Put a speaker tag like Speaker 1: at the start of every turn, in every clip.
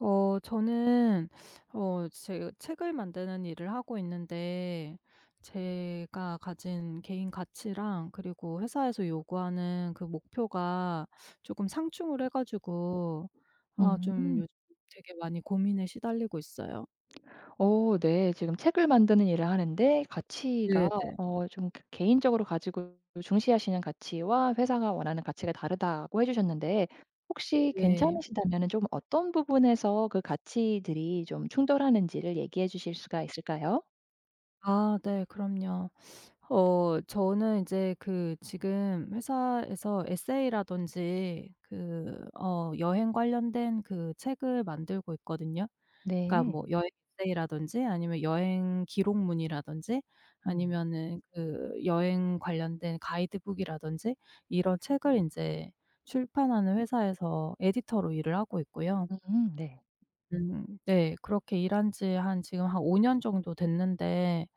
Speaker 1: 어. 저는 어 제가 책을 만드는 일을 하고 있는데 제가 가진 개인 가치랑 그리고 회사에서 요구하는 그 목표가 쪼끔 상충을 해 가지고 아
Speaker 2: 음
Speaker 1: 좀
Speaker 2: 음.
Speaker 1: 요즘 되게 많이 고민에 시달리고 있어요.
Speaker 2: 어 네. 지금 책을 만드는 일을 하는데 가치가
Speaker 1: 네네.
Speaker 2: 어 좀 개인적으로 가지고 중시하시는 가치와 회사가 원하는 가치가 다르다고 해 주셨는데 혹시
Speaker 1: 네.
Speaker 2: 괜찮으시다면은 좀 어떤 부분에서 그 가치들이 좀 충돌하는지를 얘기해 주실 수가 있을까요?
Speaker 1: 아. 네. 그럼요. 어. 저는 이제 그 지금 회사에서 에세이라든지 그 어 여행 관련된 그 책을 만들고 있거든요. 그러니까 뭐
Speaker 2: 네.
Speaker 1: 여행 에세이라든지 아니면 여행 기록문이라든지
Speaker 2: 음.
Speaker 1: 아니면은 그 여행 관련된 가이드북이라든지 이런 책을 인제 출판하는 회사에서 에디터로 일을 하고 있고요.
Speaker 2: 음. 네.
Speaker 1: 음 네 그렇게 일한 지 한 지금 한 5 년 정도 됐는데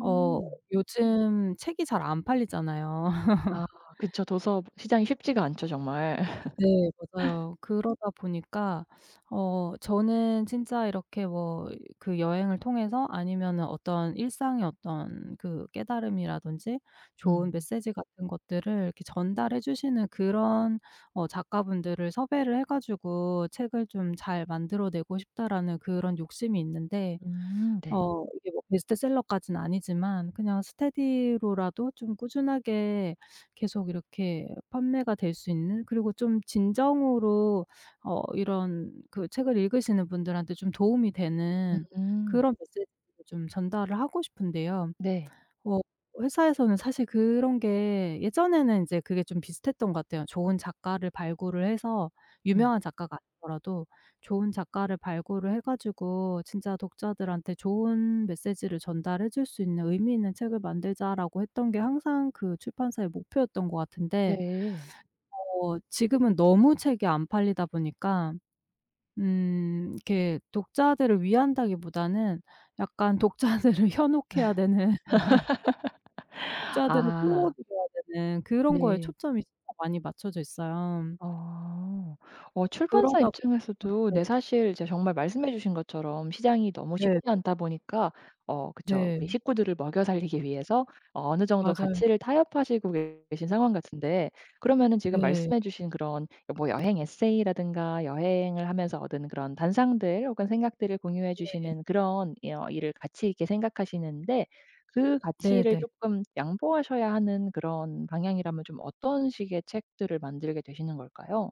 Speaker 1: 어 요즘 책이 잘 안 팔리잖아요.
Speaker 2: 아. 그쵸. 도서 시장이 쉽지가 않죠 정말.
Speaker 1: 네. 맞아요. 그러다 보니까 어 저는 진짜 이렇게 뭐 그 '여행을 통해서 아니면은 어떤 일상의 어떤 그 깨달음이라든지 좋은
Speaker 2: 음.
Speaker 1: 메시지 같은 것들을 이렇게 전달해 주시는 그런 어 작가분들을 섭외를 해 가지고 책을 좀 잘 만들어 내고 싶다.'라는 그런 욕심이 있는데
Speaker 2: 음. 네.
Speaker 1: 어 이게 뭐 베스트셀러까지는 아니지만 그냥 스테디로라도 좀 꾸준하게 계속 이렇게 판매가 될 수 있는 그리고 좀 진정으로 어 이런 그 책을 읽으시는 분들한테 좀 도움이 되는
Speaker 2: 음.
Speaker 1: 그런 메시지들을 좀 전달을 하고 싶은데요.
Speaker 2: 네.
Speaker 1: 워 회사에서는 사실 그런 게 예전에는 이제 그게 좀 비슷했던 거 같아요. "좋은 작가를 발굴을 해서
Speaker 2: 음.
Speaker 1: 유명한 작가가 아니더라도 좋은 작가를 발굴을 해 가지고 진짜 독자들한테 좋은 메시지를 전달해 줄 수 있는 의미 있는 책을 만들자."라고 했던 게 항상 그 출판사의 목표였던 거 같은데
Speaker 2: 네.
Speaker 1: 어 지금은 너무 책이 안 팔리다 보니까 음 이렇게 독자들을 위한다기 보다는 약간 독자들을 현혹해야 되는 독자들을
Speaker 2: 아.
Speaker 1: 끌어들여야 되는 그런 거에
Speaker 2: 네.
Speaker 1: 초점이 진짜 많이 맞춰져 있어요.
Speaker 2: 어. 어 출판사
Speaker 1: 그러다 보니까
Speaker 2: 입장에서도 네
Speaker 1: 네.
Speaker 2: 사실 이제 정말 말씀해 주신 것처럼 시장이 너무 쉽지
Speaker 1: 네네.
Speaker 2: 않다 보니까 어 그쵸
Speaker 1: 네.
Speaker 2: 우리 식구들을 먹여 살리기 위해서 어 어느 정도
Speaker 1: 맞아요.
Speaker 2: 가치를 타협하시고 계신 상황 같은데 그러면은 지금
Speaker 1: 네.
Speaker 2: 말씀해 주신 그런 뭐 여행 에세이라든가 여행을 하면서 얻은 그런 단상들 혹은 생각들을 공유해
Speaker 1: 네.
Speaker 2: 주시는 그런 어 일을 가치 있게 생각하시는데 그 가치를
Speaker 1: 네네.
Speaker 2: 쪼끔 양보하셔야 하는 그런 방향이라면 좀 어떤 식의 책들을 만들게 되시는 걸까요?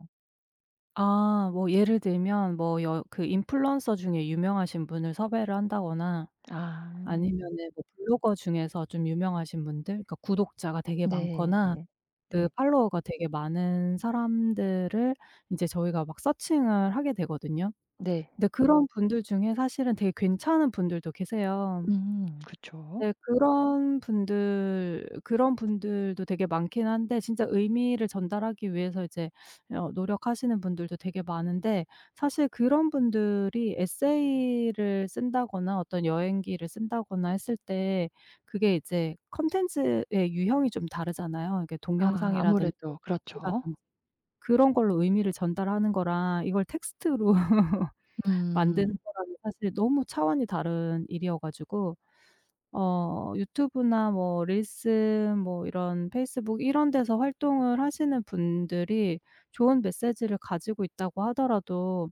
Speaker 1: 아. 뭐 예를 들면 뭐 여 그 인플루언서 중에 유명하신 분을 섭외를 한다거나
Speaker 2: 아.
Speaker 1: 아니면은 뭐 블로거 중에서 좀 유명하신 분들, 그러니까 구독자가 되게
Speaker 2: 네.
Speaker 1: 많거나 그
Speaker 2: 네.
Speaker 1: 팔로워가 되게 많은 사람들을 이제 저희가 막 searching을 하게 되거든요.
Speaker 2: 네.
Speaker 1: 근데 그런 분들 중에 사실은 되게 괜찮은 분들도 계세요.
Speaker 2: 음. 그쵸.
Speaker 1: 네. 그런 분들 그런 분들도 되게 많기는 한데 진짜 의미를 전달하기 위해서 이제 어 노력하시는 분들도 되게 많은데 사실 그런 분들이 에세이를 쓴다거나 어떤 여행기를 쓴다거나 했을 때 그게 이제 컨텐츠의 유형이 좀 다르잖아요. 그러니까
Speaker 2: 아.
Speaker 1: 동영상이라든지
Speaker 2: 아무래도
Speaker 1: [unintelligible]
Speaker 2: 그렇죠.
Speaker 1: 라든지 그런 걸로 의미를 전달하는 거랑 이걸 text로 만드는
Speaker 2: 음.
Speaker 1: 거랑은 사실 너무 차원이 다른 일이어가지고 어 유튜브나 뭐 릴스 뭐 이런 페이스북 이런 데서 활동을 하시는 분들이 좋은 메시지를 가지고 있다고 하더라도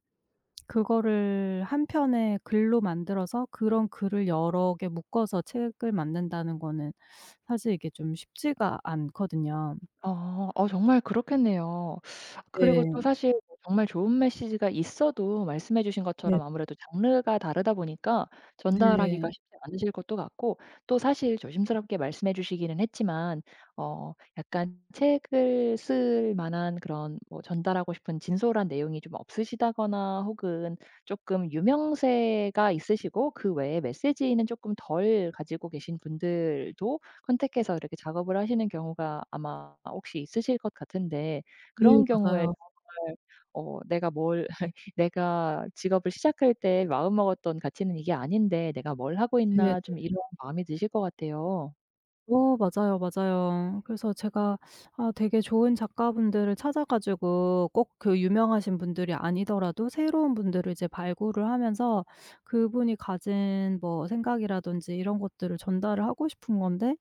Speaker 1: 그거를 1 편의 글로 만들어서 그런 글을 여러 개 묶어서 책을 만든다는 거는 사실 이게 좀 쉽지가 않거든요.
Speaker 2: 어. 어 정말 그렇겠네요. 그리고
Speaker 1: 네.
Speaker 2: 또 사실 뭐 정말 좋은 메시지가 있어도 말씀해 주신
Speaker 1: 네.
Speaker 2: 것처럼 아무래도 장르가 다르다 보니까 전달하기가
Speaker 1: 네.
Speaker 2: 쉽지 않으실 것도 같고 또 사실 조심스럽게 말씀해 주시기는 했지만 어 약간 책을 쓸 만한 그런 뭐 전달하고 싶은 진솔한 내용이 좀 없으시다거나 혹은 쪼끔 유명세가 있으시고 그 외에 메시지는 쪼끔 덜 가지고 계신 분들도 contact해서 이렇게 작업을 하시는 경우가 아마 혹시 있으실 것 같은데 그런
Speaker 1: 네.
Speaker 2: 경우에
Speaker 1: 맞아요.
Speaker 2: 정말 어 내가 뭘 "내가 직업을 시작할 때 마음먹었던 가치는 이게 아닌데 내가 뭘 하고
Speaker 1: 네네.
Speaker 2: 있나?" 좀 이런 마음이 드실 것 같아요.
Speaker 1: 어. 맞아요. 맞아요. 그래서 제가 아 되게 좋은 작가분들을 찾아 가지고 꼭 그 유명하신 분들이 아니더라도 새로운 분들을 이제 발굴을 하면서 그분이 가진 뭐 생각이라든지 이런 것들을 전달을 하고 싶은 건데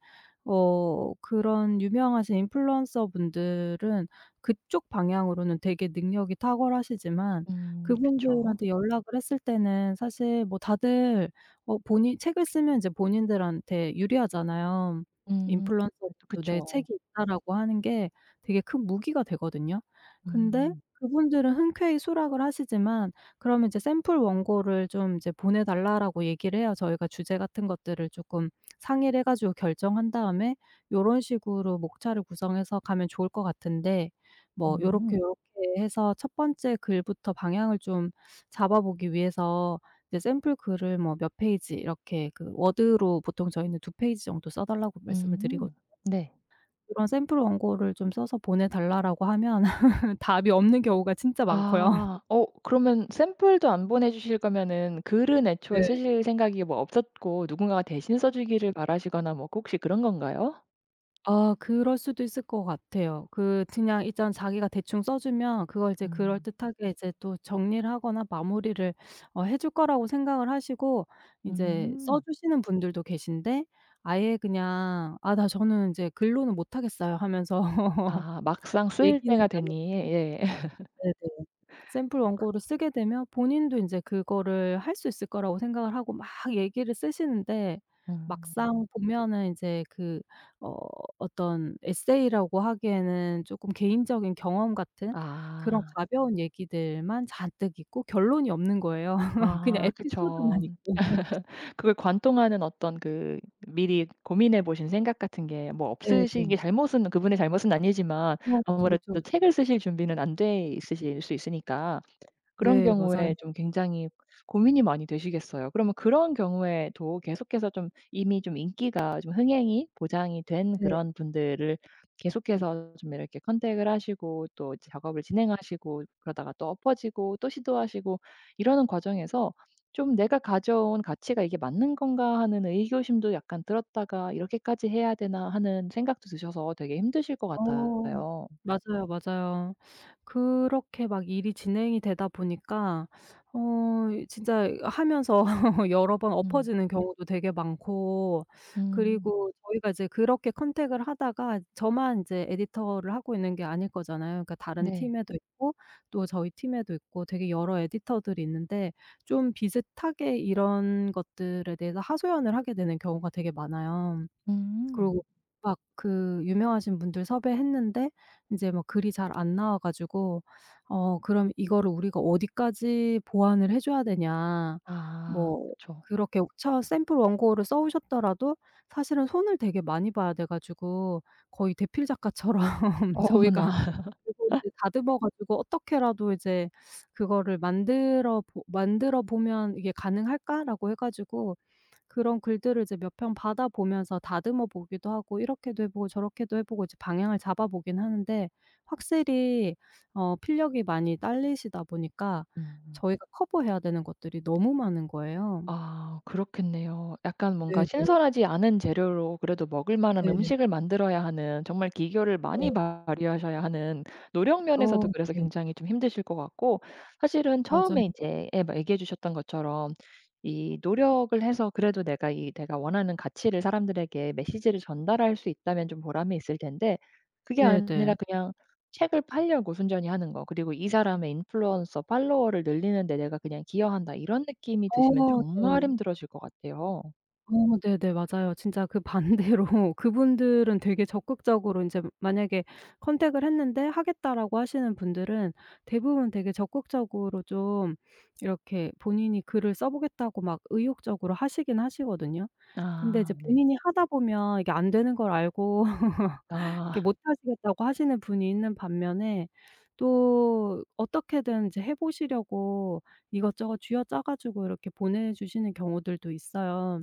Speaker 1: 어 그런 유명하신 인플루언서 분들은 그쪽 방향으로는 되게 능력이 탁월하시지만
Speaker 2: 음. 그쵸.
Speaker 1: 그분들한테 연락을 했을 때는 사실 뭐 다들 뭐 본인 책을 쓰면 이제 본인들한테 유리하잖아요.
Speaker 2: 음. 그것도
Speaker 1: 인플루언서들도 '내
Speaker 2: 그쵸.
Speaker 1: 책이 있다.'라고 하는 게 되게 큰 무기가 되거든요. 근데
Speaker 2: 음.
Speaker 1: 그분들은 흔쾌히 수락을 하시지만 그러면 이제 "샘플 원고를 좀 이제 보내 달라."라고 얘기를 해요. 저희가 주제 같은 것들을 쪼끔 상의를 해 가지고 결정한 다음에 요런 식으로 목차를 구성해서 가면 좋을 것 같은데 뭐 요렇게
Speaker 2: 음.
Speaker 1: 요렇게 해서 첫 번째 글부터 방향을 좀 잡아 보기 위해서 이제 샘플 글을 뭐 몇 페이지 이렇게 그 워드로 보통 저희는 2 페이지 정도 써 달라고 말씀을 드리거든요.
Speaker 2: 음. 네.
Speaker 1: "그런 샘플 원고를 좀 써서 보내달라."라고 하면 답이 없는 경우가 진짜 많고요.
Speaker 2: 아. 어 그러면 샘플도 안 보내주실 거면은 글은 애초에
Speaker 1: 네.
Speaker 2: 쓰실 생각이 뭐 없었고 누군가가 대신 써 주기를 바라시거나 뭐 혹시 그런 건가요?
Speaker 1: 아. 그럴 수도 있을 것 같아요. 그 그냥 일단 자기가 대충 써 주면 그걸 이제
Speaker 2: 음.
Speaker 1: 그럴듯하게 이제 또 정리를 하거나 마무리를 어 해 줄 거라고 생각을 하시고 이제 써
Speaker 2: 응.
Speaker 1: 주시는 분들도 계신데 아예 그냥 "아 나 저는 이제 글로는 못하겠어요." 하면서
Speaker 2: 아. 막상 쓰일
Speaker 1: 얘기는
Speaker 2: 때가
Speaker 1: 나눴고
Speaker 2: 되니. 예.
Speaker 1: 네네 샘플 원고를 쓰게 되면 본인도 인제 그거를 할 수 있을 거라고 생각을 하고 막 얘기를 쓰시는데
Speaker 2: 음.
Speaker 1: 막상 보면은 이제 그 어 어떤 에세이라고 하기에는 쪼끔 개인적인 경험 같은 그런
Speaker 2: 아.
Speaker 1: 가벼운 얘기들만 잔뜩 있고 결론이 없는 거예요 그냥
Speaker 2: 아. 그쵸.
Speaker 1: 에피소드만 있고.
Speaker 2: 그걸 관통하는 어떤 그 미리 고민해 보신 생각 같은 게 뭐
Speaker 1: 네 네.
Speaker 2: 없으시기 잘못은 그분의 잘못은 아니지만
Speaker 1: 어. 그쵸. 그쵸.
Speaker 2: 아무래도
Speaker 1: 그쵸.
Speaker 2: 책을 쓰실 준비는 안 돼 있으실 수 있으니까 그런
Speaker 1: 네. 맞아요.
Speaker 2: 경우에 좀 굉장히 고민이 많이 되시겠어요. 그러면 그런 경우에도 계속해서 좀 이미 좀 인기가 좀 흥행이 보장이 된
Speaker 1: 네.
Speaker 2: 그런 분들을 계속해서 좀 이렇게 컨택을 하시고 또 작업을 진행하시고 그러다가 또 엎어지고 또 시도하시고 이러는 과정에서 좀 '내가 가져온 가치가 이게 맞는 건가.' 하는 의구심도 약간 들었다가 '이렇게까지 해야 되나.' 하는 생각도 드셔서 되게 힘드실 것
Speaker 1: 어.
Speaker 2: 같아요.
Speaker 1: 맞아요, 맞아요. 그렇게 막 일이 진행이 되다 보니까 어 이 진짜 하면서 여러 번
Speaker 2: 음.
Speaker 1: 엎어지는 경우도 되게 많고
Speaker 2: 음.
Speaker 1: 그리고 저희가 이제 그렇게 컨택을 하다가 저만 이제 에디터를 하고 있는 게 아닐 거잖아요. 그러니까 다른
Speaker 2: 네.
Speaker 1: 팀에도 있고 또 저희 팀에도 있고 되게 여러 에디터들이 있는데 좀 비슷하게 이런 것들에 대해서 하소연을 하게 되는 경우가 되게 많아요. 그리고
Speaker 2: 음.
Speaker 1: 막 그 유명하신 분들 섭외했는데 이제 뭐 글이 잘 안 나와 가지고 "어 그럼 이거를 우리가 어디까지 보완을 해 줘야 되냐."
Speaker 2: 아.
Speaker 1: 뭐
Speaker 2: 그쵸.
Speaker 1: 그렇게 처음 샘플 원고를 써 오셨더라도 사실은 손을 되게 많이 봐야 돼 가지고 거의 대필 작가처럼
Speaker 2: 어머나.
Speaker 1: 저희가 [unintelligible] 다듬어 가지고 어떻게라도 이제 그거를 만들어 보 만들어 보면 '이게 가능할까?'라고 해 가지고 그런 글들을 이제 몇 편 받아 보면서 다듬어 보기도 하고 이렇게도 해 보고 저렇게도 해 보고 이제 방향을 잡아보기는 하는데 확실히 어 필력이 많이 딸리시다 보니까
Speaker 2: 음.
Speaker 1: 저희가 커버해야 되는 것들이 너무 많은 거예요.
Speaker 2: 아 그렇겠네요. 약간 뭔가
Speaker 1: 네네.
Speaker 2: 신선하지 않은 재료로 그래도 먹을만한
Speaker 1: 네.
Speaker 2: 음식을 만들어야 하는 정말 기교를
Speaker 1: 네.
Speaker 2: 많이 발휘하셔야 하는 노력
Speaker 1: 어.
Speaker 2: 면에서도 그래서
Speaker 1: 네.
Speaker 2: 굉장히 좀 힘드실 것 같고 사실은
Speaker 1: 맞아요.
Speaker 2: 처음에 이제 예 얘기해 주셨던 것처럼 이 노력을 해서 그래도 내가 이 내가 원하는 가치를 사람들에게 메시지를 전달할 수 있다면 좀 보람이 있을 텐데 그게
Speaker 1: 네네.
Speaker 2: 아니라 그냥 책을 팔려고 순전히 하는 거 그리고 '이 사람의 인플루언서 팔로워를 늘리는데 내가 그냥 기여한다.' 이런 느낌이 드시면
Speaker 1: 어.
Speaker 2: 정말
Speaker 1: 네.
Speaker 2: 힘들어질 것 같아요.
Speaker 1: 어 네네. 맞아요. 진짜 그 반대로 그분들은 되게 적극적으로 인제 만약에 컨택을 했는데 "하겠다."라고 하시는 분들은 대부분 되게 적극적으로 좀 이렇게 본인이 글을 써 보겠다고 막 의욕적으로 하시기는 하시거든요. 근데
Speaker 2: 아
Speaker 1: 이제
Speaker 2: 네.
Speaker 1: 본인이 하다 보면 이게 안 되는 걸 알고
Speaker 2: 아.
Speaker 1: 이렇게 못 하시겠다고 하시는 분이 있는 반면에 또 어떻게든 이제 해 보시려고 이것저것 쥐어짜 가지고 이렇게 보내주시는 경우들도 있어요.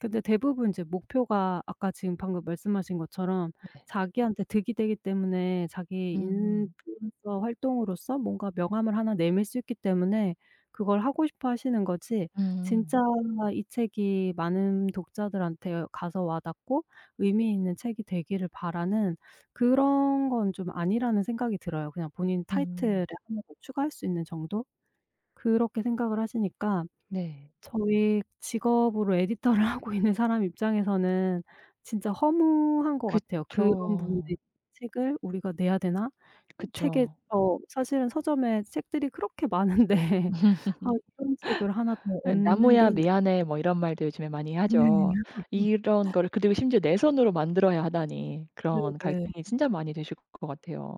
Speaker 1: 근데 대부분 이제 목표가 아까 지금 방금 말씀하신 것처럼
Speaker 2: 네.
Speaker 1: 자기한테 득이 되기 때문에 자기
Speaker 2: 음.
Speaker 1: 인플루언서 활동으로서 뭔가 명함을 1 내밀 수 있기 때문에 그걸 하고 싶어 하시는 거지
Speaker 2: 음.
Speaker 1: 진짜 이 책이 많은 독자들한테 가서 와 닿고 의미 있는 책이 되기를 바라는 그런 건 좀 아니라는 생각이 들어요 그냥 본인 타이틀에
Speaker 2: 음.
Speaker 1: 1 더 추가할 수 있는 정도? 그렇게 생각을 하시니까
Speaker 2: 네.
Speaker 1: 저희 직업으로 에디터를 하고 있는 사람 입장에서는 진짜 허무한 것 같아요. '그런 분들의
Speaker 2: 그쵸.
Speaker 1: 책을 우리가 내야 되나?' 책에
Speaker 2: 그쵸.
Speaker 1: 어 사실은 서점에 책들이 그렇게 많은데 아 이런 책을 하나 더 얹는 게
Speaker 2: "나무야 미안해." 뭐 이런 말도 요즘에 많이
Speaker 1: 네.
Speaker 2: 하죠. 이런 거를 그리고 심지어 내 손으로 만들어야 하다니 그런
Speaker 1: 네네.
Speaker 2: 갈등이
Speaker 1: 음.
Speaker 2: 진짜 많이 되실 것 같아요.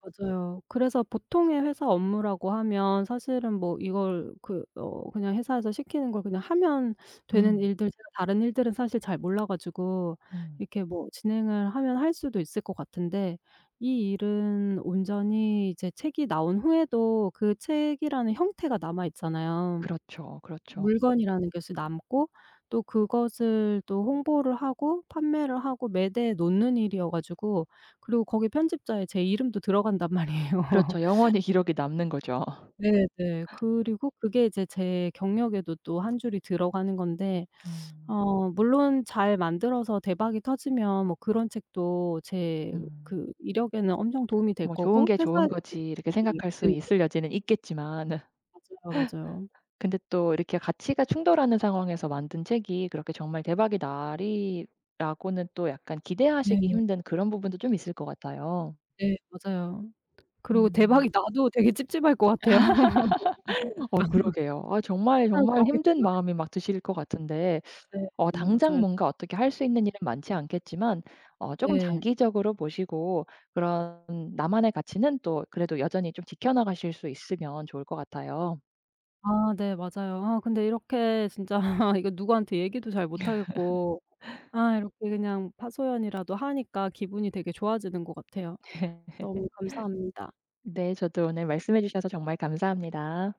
Speaker 1: 맞아요. 그래서 보통의 회사 업무라고 하면 사실은 뭐 이걸 그 어 그냥 회사에서 시키는 걸 그냥 하면 되는
Speaker 2: 음.
Speaker 1: 일들 제가 다른 일들은 사실 잘 몰라 가지고
Speaker 2: 음.
Speaker 1: 이렇게 뭐 진행을 하면 할 수도 있을 것 같은데 이 일은 온전히 이제 책이 나온 후에도 그 책이라는 형태가 남아 있잖아요.
Speaker 2: 그렇죠. 그렇죠.
Speaker 1: 물건이라는 것이 남고 또 그것을 또 홍보를 하고 판매를 하고 매대에 놓는 일이어 가지고 그리고 거기 편집자에 제 이름도 들어간단 말이에요.
Speaker 2: 그렇죠. 영원히 기록이 남는거죠.
Speaker 1: 네네. 그리고 그게 이제 제 경력에도 또 1 줄이 들어가는 건데
Speaker 2: 음.
Speaker 1: 어 물론 잘 만들어서 대박이 터지면 뭐 그런 책도 제
Speaker 2: 음.
Speaker 1: 그 이력에는 엄청 도움이 될
Speaker 2: 뭐 '좋은
Speaker 1: 거고
Speaker 2: 게
Speaker 1: 회사에
Speaker 2: 좋은거지.' 이렇게 생각할
Speaker 1: [unintelligible]
Speaker 2: 수
Speaker 1: 네네.
Speaker 2: 있을 여지는 있겠지만
Speaker 1: 맞아요. 맞아요.
Speaker 2: 근데 또 이렇게 가치가 충돌하는 상황에서 만든 책이 그렇게 정말 대박이 나리라고는 또 약간 기대하시기
Speaker 1: 네.
Speaker 2: 힘든 그런 부분도 좀 있을 것 같아요.
Speaker 1: 네. 맞아요. 그리고
Speaker 2: 음.
Speaker 1: 대박이 나도 되게 찝찝할 것 같아요. [unintelligible]
Speaker 2: 어 그러게요. 아 정말
Speaker 1: 회사는
Speaker 2: 정말 힘든
Speaker 1: 좋아하겠지만.
Speaker 2: 마음이 막 드실 것 같은데
Speaker 1: 네.
Speaker 2: 어
Speaker 1: 어
Speaker 2: 당장
Speaker 1: 맞아요.
Speaker 2: 뭔가 어떻게 할 수 있는 일은 많지 않겠지만 어 쪼금
Speaker 1: 네.
Speaker 2: 장기적으로 보시고 그런 나만의 가치는 또 그래도 여전히 좀 지켜나가실 수 있으면 좋을 것 같아요.
Speaker 1: 아. 네. 맞아요. 아 근데 이렇게 진짜 이거 누구한테 얘기도 잘 못하겠고 아 이렇게 그냥 하소연이라도 하니까 기분이 되게 좋아지는 것 같아요. 너무 감사합니다.
Speaker 2: 네. 저도 오늘 말씀해 주셔서 정말 감사합니다.